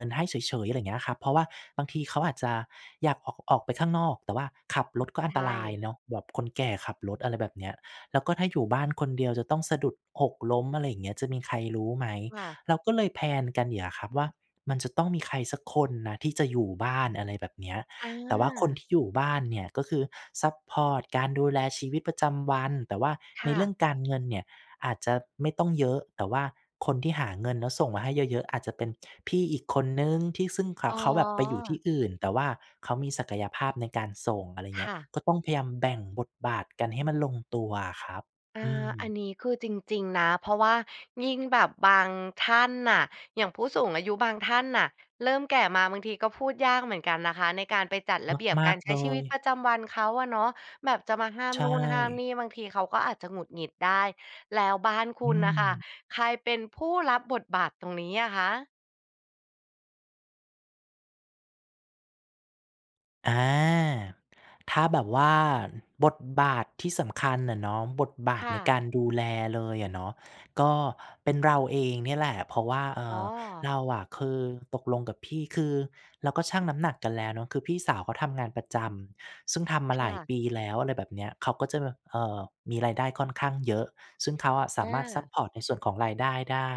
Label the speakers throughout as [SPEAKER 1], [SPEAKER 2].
[SPEAKER 1] เหมือนให้เฉย ๆ อะไรอย่างเงี้ยครับ เพราะว่าบางทีเขาอาจจะอยากออก ออกไปข้างนอก แต่ว่าขับรถก็
[SPEAKER 2] ใ
[SPEAKER 1] อ
[SPEAKER 2] ช
[SPEAKER 1] ันตราย
[SPEAKER 2] ่
[SPEAKER 1] เนาะแบบคนแก่ขับรถ อะไรแบบเนี้ย แล้วก็ถ้าอยู่บ้านคนเดียวจะต้องสะดุด หกล้ม อะไรอย่างเงี้ย จะมีใครรู้ไหม
[SPEAKER 2] ค่ะ
[SPEAKER 1] เราก็เลย แพลน กัน อย่างเงี้ยครับว่า มันจะต้องมีใครสักคนนะที่จะอยู่บ้าน อะไรแบบเนี้ย
[SPEAKER 2] อ
[SPEAKER 1] แต่ว่าคนท
[SPEAKER 2] า
[SPEAKER 1] ี่อยู่บ้านเนี่ยก็คือซัปพอร์ตการดูแลชีวิตประจำวัน แต่ว่า
[SPEAKER 2] ค
[SPEAKER 1] ใน
[SPEAKER 2] ่
[SPEAKER 1] เร
[SPEAKER 2] ะ
[SPEAKER 1] ื่องการเงินเนี่ยอาจจะไม่ต้องเยอะ แต่ว่าคนที่หาเงินแล้วส่งมาให้เยอะ ๆ อาจจะเป็นพี่อีกคนหนึ่ง ที่ซึ่งเขา
[SPEAKER 2] อ๋
[SPEAKER 1] เขาแบบไปอยู่ท
[SPEAKER 2] อ
[SPEAKER 1] ี่อื่น แต่ว่าเขามีศักยภาพในการส่ง อะไรอย่าง
[SPEAKER 2] ค
[SPEAKER 1] เงี้
[SPEAKER 2] ่
[SPEAKER 1] ย
[SPEAKER 2] ะ
[SPEAKER 1] ก็ต้องพยายามแบ่งบทบาทกันให้มันลงตัวอะครับ
[SPEAKER 2] อา
[SPEAKER 1] อื
[SPEAKER 2] อัน
[SPEAKER 1] ม
[SPEAKER 2] นี้คือจริง ๆ นะ เพราะว่ายิ่งแบบบางท่านน่ะ อย่างผู้สูงอายุบางท่านน่ะ เริ่มแก่มาบางทีก็พูดยากเหมือนกันนะคะในการไปจัดระเบียบ
[SPEAKER 1] ม
[SPEAKER 2] ก
[SPEAKER 1] า
[SPEAKER 2] า
[SPEAKER 1] ก
[SPEAKER 2] รใ
[SPEAKER 1] ๆ
[SPEAKER 2] ช
[SPEAKER 1] เล
[SPEAKER 2] ้ชีวิต
[SPEAKER 1] ย
[SPEAKER 2] ประจำวันเขาอะเนาะ แบบจะมาห้าม
[SPEAKER 1] ใช
[SPEAKER 2] นู่นห้ามนี
[SPEAKER 1] ่
[SPEAKER 2] ่ บางทีเขาก็อาจจะหงุดหงิดได้ แล้วบ้านค
[SPEAKER 1] อ
[SPEAKER 2] ุ
[SPEAKER 1] ื
[SPEAKER 2] ณน่ะค่ะ
[SPEAKER 1] ม
[SPEAKER 2] ใครเป็นผู้รับบทบาทตรงนี้อะคะ?
[SPEAKER 1] อา ถ้าแบบว่า อ บทบาทที่สำคัญน่ะเนาะ บทบา
[SPEAKER 2] ค
[SPEAKER 1] ท
[SPEAKER 2] ่
[SPEAKER 1] ใน
[SPEAKER 2] ะ
[SPEAKER 1] การดูแลเลยอะเนาะ ก็เป็นเราเองเนี่ยแหละ เพราะว่า เอ่
[SPEAKER 2] อ๋
[SPEAKER 1] อ
[SPEAKER 2] อ
[SPEAKER 1] เราอะคือตกลงกับพี่ คือเราก็ชั่งน้ำหนักกันแล้วเนาะ คือพี่สาวเขาทำงานประจำ ซึ่งทำมา
[SPEAKER 2] ค
[SPEAKER 1] หล
[SPEAKER 2] ่
[SPEAKER 1] าย
[SPEAKER 2] ะ
[SPEAKER 1] ปีแล้ว อะไรแบบเนี้ย เขาก็จะแบบ เอ่อ มีรายได้ค่อนข้างเยอะ ซึ่งเขาอะส
[SPEAKER 2] อ
[SPEAKER 1] ามารถซัป
[SPEAKER 2] า
[SPEAKER 1] พอร์ตในส่วนของรายได้ได้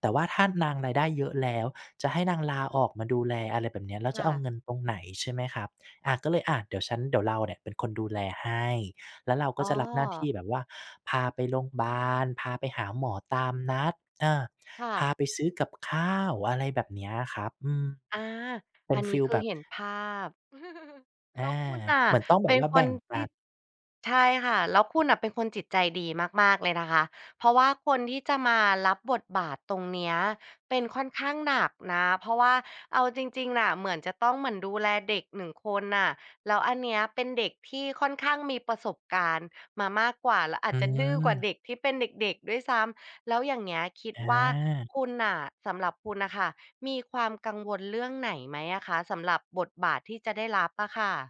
[SPEAKER 1] แต่ว่าถ้านางรายได้เยอะแล้ว จะให้นางลาออกมาดูแล อะไรแบบเนี้ย แล้ว
[SPEAKER 2] ค
[SPEAKER 1] จ
[SPEAKER 2] ่
[SPEAKER 1] ะเอา
[SPEAKER 2] ะ
[SPEAKER 1] เงินตรงไหน ใช่ไหมครับ อา ก็เลย อา เดี๋ยวฉัน เดี๋ยวเราเนี่ยเป็นคนดูแลให้ แล้วเราก
[SPEAKER 2] อ
[SPEAKER 1] ็
[SPEAKER 2] ๋
[SPEAKER 1] จะรับหน้าท
[SPEAKER 2] อ
[SPEAKER 1] ี่แบบว่าพาไปโรงบาล พาไปหาหมอตามนัด เออ
[SPEAKER 2] ค่
[SPEAKER 1] พา
[SPEAKER 2] ะ
[SPEAKER 1] ไปซื้อกับข้าว อะไรแบบเนี้ยอะครับ อืม
[SPEAKER 2] อา
[SPEAKER 1] เป็
[SPEAKER 2] อั
[SPEAKER 1] น
[SPEAKER 2] น
[SPEAKER 1] ฟ
[SPEAKER 2] นี้
[SPEAKER 1] ีล
[SPEAKER 2] คื
[SPEAKER 1] แบ
[SPEAKER 2] อ
[SPEAKER 1] บ
[SPEAKER 2] เห็นภาพ
[SPEAKER 1] อ
[SPEAKER 2] แ
[SPEAKER 1] า
[SPEAKER 2] ล้วคุณน่ะ
[SPEAKER 1] เหมือนต้องแ
[SPEAKER 2] เ
[SPEAKER 1] บ
[SPEAKER 2] ป็
[SPEAKER 1] บ
[SPEAKER 2] น
[SPEAKER 1] ว่า
[SPEAKER 2] ค
[SPEAKER 1] แบ
[SPEAKER 2] น
[SPEAKER 1] ่งป
[SPEAKER 2] ท
[SPEAKER 1] ั
[SPEAKER 2] ี่
[SPEAKER 1] น
[SPEAKER 2] ใช่ค่ะ แล้วคุณน่ะเป็นคนจิตใจดีมาก ๆ เลยนะคะ เพราะว่าคนที่จะมารับบทบาทตรงเนี้ย เป็นค่อนข้างหนักนะ เพราะว่าเอาจริง ๆ น่ะ เหมือนจะต้องเหมือนดูแลเด็กหนึ่งคนน่ะ แล้วอันเนี้ยเป็นเด็กที่ค่อนข้างมีประสบการณ์มามากกว่า แล้วอา
[SPEAKER 1] อื
[SPEAKER 2] จจะดื้อกว่า
[SPEAKER 1] ม
[SPEAKER 2] เด็กที่เป็นเด็ก ๆ ด้วยซ้ำ แล้วอย่างเงี้ยคิด
[SPEAKER 1] อ
[SPEAKER 2] ว่า
[SPEAKER 1] า
[SPEAKER 2] คุณน่ะ สำหรับคุณน่ะค่ะ มีความกังวลเรื่องไหนไหมอะคะสำหรับบทบาทที่จะได้รับอะค่ะ?